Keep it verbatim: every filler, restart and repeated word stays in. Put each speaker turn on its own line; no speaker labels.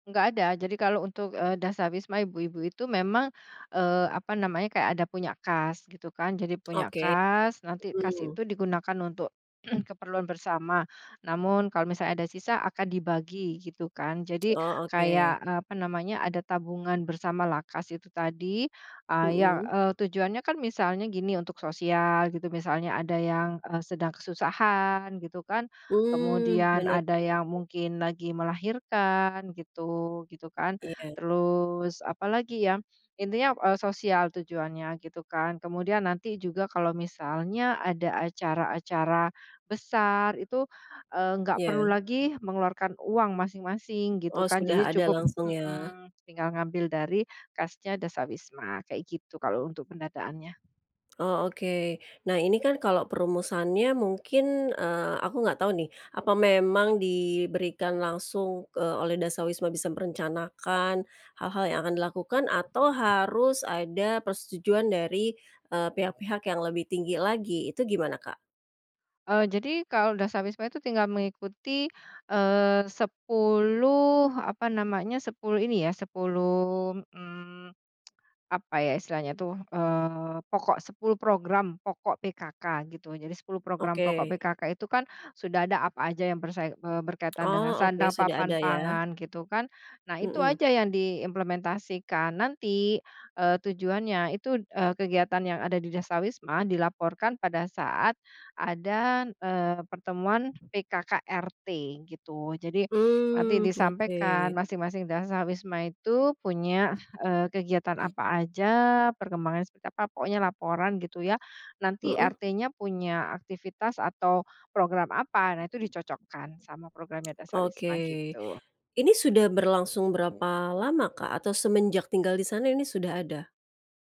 Nggak ada, jadi kalau untuk, eee, dasawisma ibu-ibu itu memang, eee, apa namanya, kayak ada punya kas, gitu kan. Jadi punya
Oke,
kas, nanti kas
mhm.
itu digunakan untuk, keperluan bersama, namun kalau misalnya ada sisa, akan dibagi, gitu kan. Jadi,
Oh,
kayak
oke.
apa namanya, ada tabungan bersama LAKAS itu tadi, eee, ya
Mhm?
eee, tujuannya kan misalnya gini, untuk sosial, gitu, misalnya ada yang, eee, sedang kesusahan gitu kan,
Mmm,
kemudian
benar benar.
ada yang mungkin lagi melahirkan gitu gitu kan.
Iya.
Terus, apalagi ya, intinya, eee, sosial tujuannya, gitu kan. Kemudian nanti juga kalau misalnya ada acara-acara, besar itu, eee, nggak perlu
Iya.
lagi mengeluarkan uang masing-masing, gitu
Oh,
kan,
sudah
jadi
ada
cukup
langsung ya?
mhm, tinggal ngambil dari kasnya dasawisma, kayak gitu, kalau untuk pendataannya.
Oh, oke. Nah, ini kan kalau perumusannya mungkin, eee, aku nggak tahu nih, apa memang diberikan langsung, eee, oleh dasawisma bisa merencanakan, hal-hal yang akan dilakukan? Atau, harus ada persetujuan dari, eee, pihak-pihak yang lebih tinggi lagi, itu gimana Kak?
Eee, jadi kalau dasawisma itu tinggal mengikuti, eee, sepuluh apa namanya, sepuluh ini ya, sepuluh, mmm, apa ya istilahnya tuh, eee, pokok sepuluh program, pokok PKK, gitu. Jadi sepuluh program pokok
Oke.
PKK itu kan sudah ada apa aja yang bersai eee, berkaitan dengan
Oh, oke,
sandang,
sudah
papan,
ada ya?
pangan gitu kan. Nah, itu
Mhm.
aja yang diimplementasikan, nanti, eee tujuannya itu, eee, kegiatan yang ada di dasawisma dilaporkan pada saat ada, eee, pertemuan PKK, RT, gitu. Jadi, nanti
Mmm, oke.
disampaikan, masing-masing dasawisma itu punya, eee, kegiatan apa aja, perkembangan seperti apa, pokoknya laporan, gitu ya. Nanti
Mhm?
RT-nya punya aktivitas atau program apa, nah itu dicocokkan, sama programnya dasawisma,
Oke,
gitu.
ini sudah berlangsung berapa lama Kak? Atau semenjak tinggal di sana, ini sudah ada?